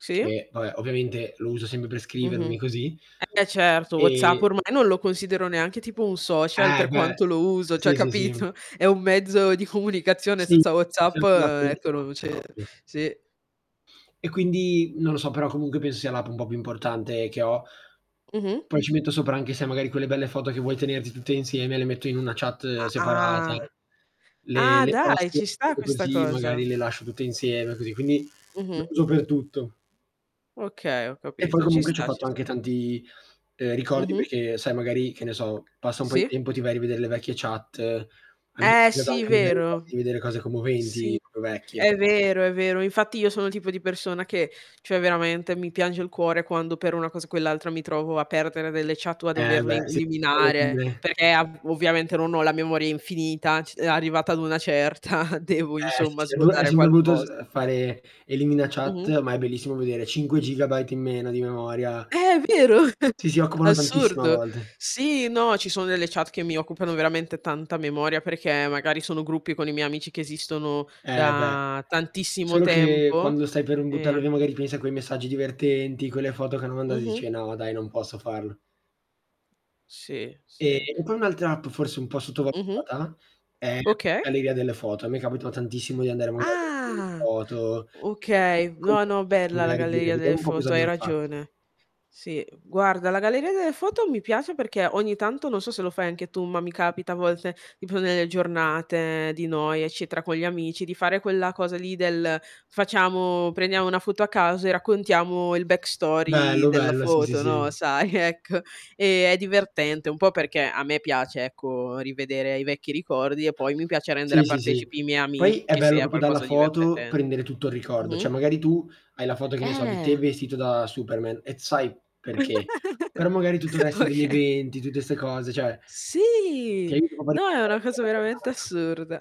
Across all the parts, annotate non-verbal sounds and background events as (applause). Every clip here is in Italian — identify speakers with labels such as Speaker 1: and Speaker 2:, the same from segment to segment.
Speaker 1: Sì.
Speaker 2: Che vabbè ovviamente, lo uso sempre per scrivermi
Speaker 1: Mh-mh.
Speaker 2: così,
Speaker 1: Eh, certo, WhatsApp
Speaker 2: e
Speaker 1: ormai non lo considero neanche tipo un social
Speaker 2: Eh,
Speaker 1: per
Speaker 2: beh
Speaker 1: quanto lo uso, cioè
Speaker 2: sì, sì, sì.
Speaker 1: capito, è un mezzo di comunicazione
Speaker 2: Sì.
Speaker 1: senza WhatsApp,
Speaker 2: (unintelligible) altri
Speaker 1: ecco non
Speaker 2: messaggi
Speaker 1: c'è
Speaker 2: proprio.
Speaker 1: sì.
Speaker 2: E quindi, non lo so però comunque penso sia l'app un po' più importante che ho.
Speaker 1: Mh-mh.
Speaker 2: Poi ci metto sopra anche sei magari quelle belle foto che vuoi tenerti tutte insieme, le metto in una chat
Speaker 1: A
Speaker 2: separata,
Speaker 1: Ah.
Speaker 2: le
Speaker 1: Ah,
Speaker 2: le
Speaker 1: dai
Speaker 2: passo
Speaker 1: ci sta questa
Speaker 2: così
Speaker 1: cosa.
Speaker 2: magari le lascio tutte insieme così quindi lo
Speaker 1: Mh-mh.
Speaker 2: uso per tutto.
Speaker 1: Okay, ho
Speaker 2: E poi
Speaker 1: capito, ci
Speaker 2: comunque ci ho
Speaker 1: sta, ci
Speaker 2: fatto anche
Speaker 1: sta.
Speaker 2: tanti, ehm, ricordi,
Speaker 1: Mh-mh.
Speaker 2: perché sai magari che ne so passa un po' di
Speaker 1: Sì.
Speaker 2: tempo, ti vai a rivedere le vecchie chat, a me
Speaker 1: Eh sì,
Speaker 2: (unintelligible) magari
Speaker 1: vero.
Speaker 2: farti rivedere cose
Speaker 1: Sì
Speaker 2: commoventi, proprio vecchie.
Speaker 1: è vero, è vero, infatti io sono il tipo di persona che, cioè veramente mi piange il cuore quando per una cosa o quell'altra mi trovo a perdere delle chat o a
Speaker 2: Eh
Speaker 1: doverle
Speaker 2: beh, sì
Speaker 1: eliminare,
Speaker 2: (unintelligible)
Speaker 1: perché a v ovviamente non ho la memoria infinita, c e arrivata ad una certa devo
Speaker 2: Eh sì
Speaker 1: insomma
Speaker 2: sì. È bru è
Speaker 1: svuotare
Speaker 2: sempre brutto s uhm,
Speaker 1: qualcosa.
Speaker 2: fare elimina
Speaker 1: Mh-mh.
Speaker 2: chat, ma è bellissimo vedere 5 GB in meno di memoria.
Speaker 1: Eh, vero, (chuckles)
Speaker 2: Sì, si, occupano tantissimo a
Speaker 1: assurdo.
Speaker 2: volte.
Speaker 1: Sì, no, ci sono delle chat che mi occupano veramente tanta memoria, perché magari sono gruppi con i miei amici che esistono
Speaker 2: Eh beh,
Speaker 1: da tantissimo
Speaker 2: solo che
Speaker 1: tempo,
Speaker 2: quando stai per, uhm, buttare
Speaker 1: e
Speaker 2: via magari pensi a quei messaggi divertenti, quelle foto che hanno mandato e
Speaker 1: Mh-mh.
Speaker 2: dici: "No dai, non posso farlo".
Speaker 1: Sì,
Speaker 2: E
Speaker 1: sì.
Speaker 2: poi un'altra app forse un po'
Speaker 1: Mh-mh.
Speaker 2: sottovalutata, è la
Speaker 1: Okay.
Speaker 2: galleria delle foto. A me è capitato tantissimo di andare a vedere delle
Speaker 1: Ah.
Speaker 2: foto,
Speaker 1: Okay, no,
Speaker 2: (unintelligible)
Speaker 1: no bella la
Speaker 2: magari dire:
Speaker 1: galleria
Speaker 2: "Vediamo
Speaker 1: delle
Speaker 2: un po' cosa
Speaker 1: foto, hai
Speaker 2: abbiamo fatto".
Speaker 1: ragione. Sì guarda, la galleria delle foto mi piace, perché ogni tanto, non so se lo fai anche tu, ma mi capita a volte di prendere le giornate di noi, eccetera con gli amici di fare quella cosa lì del facciamo prendiamo una foto a caso e raccontiamo il backstory
Speaker 2: Bello,
Speaker 1: della
Speaker 2: bello, sì, sì,
Speaker 1: foto, no,
Speaker 2: sì.
Speaker 1: sai, ecco. E, è divertente, un po' perché a me piace ecco rivedere i vecchi ricordi, e poi mi piace rendere
Speaker 2: Sì,
Speaker 1: a
Speaker 2: sì, sì.
Speaker 1: partecipi i miei
Speaker 2: Poi, è
Speaker 1: amici se
Speaker 2: bello
Speaker 1: è
Speaker 2: proprio dalla
Speaker 1: qualcosa
Speaker 2: foto,
Speaker 1: divertente.
Speaker 2: prendere tutto il ricordo.
Speaker 1: Mh-mh.
Speaker 2: Cioè magari tu hai la foto, che ne so, di te
Speaker 1: Eh.
Speaker 2: vestito da Superman, e t sai perché. Però
Speaker 1: (giggles)
Speaker 2: magari tutto il resto degli
Speaker 1: Oka
Speaker 2: eventi, tutte ste cose cioè, ti
Speaker 1: Sì,
Speaker 2: aiuta proprio a
Speaker 1: no, è
Speaker 2: ricordare
Speaker 1: una
Speaker 2: tutta
Speaker 1: cosa
Speaker 2: la
Speaker 1: veramente
Speaker 2: giornata.
Speaker 1: assurda.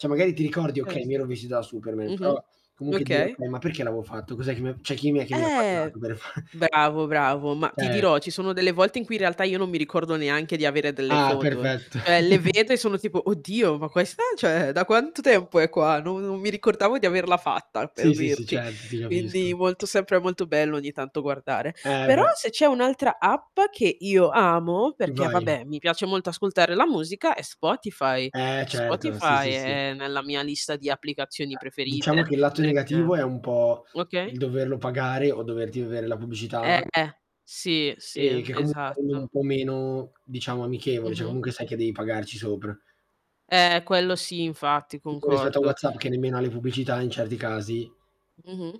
Speaker 2: Cioè magari ti ricordi: "Okay, mi
Speaker 1: Certo.
Speaker 2: ero vestito da Superman," però
Speaker 1: Mh-mh.
Speaker 2: comunque dire:
Speaker 1: Okay.
Speaker 2: "Okay, ma perché l'avevo fatto? Cos'è che mi cioè chi è mi ha
Speaker 1: Eh.
Speaker 2: (unintelligible) per far"
Speaker 1: Bravo, bravo, ma ti
Speaker 2: Ce
Speaker 1: dirò, ci sono delle volte in cui in realtà io non mi ricordo neanche di avere delle
Speaker 2: Ah,
Speaker 1: foto.
Speaker 2: perfetto.
Speaker 1: Cioè le
Speaker 2: (chuckles)
Speaker 1: vedo e sono tipo: "Oddio, ma questa cioè da quanto tempo è qua? No non mi ricordavo di averla fatta", per
Speaker 2: Sì, sì, sì,
Speaker 1: dirti.
Speaker 2: certo, ti
Speaker 1: Quindi
Speaker 2: capisco.
Speaker 1: molto sempre molto bello ogni tanto guardare.
Speaker 2: Eh
Speaker 1: Però,
Speaker 2: beh.
Speaker 1: se c'è un'altra app che io amo, perché,
Speaker 2: Vai.
Speaker 1: vabbè, mi piace molto ascoltare la musica, è Spotify.
Speaker 2: Eh certo, sì
Speaker 1: Spotify
Speaker 2: sì sì.
Speaker 1: è nella mia lista di applicazioni
Speaker 2: Diciamo
Speaker 1: preferite
Speaker 2: che il lato negativo
Speaker 1: perché
Speaker 2: è un po'
Speaker 1: okay?
Speaker 2: il doverlo pagare, o doverti vedere la pubblicità
Speaker 1: Eh. Sì, sì,
Speaker 2: e che comunque è un
Speaker 1: esatto.
Speaker 2: po' meno diciamo amichevole, cioè
Speaker 1: Mh-mh.
Speaker 2: comunque sai che devi pagarci sopra.
Speaker 1: Eh, quello sì infatti,
Speaker 2: Tipo rispetto a
Speaker 1: concordo.
Speaker 2: WhatsApp che nemmeno ha le pubblicità in certi casi.
Speaker 1: Mh-mh.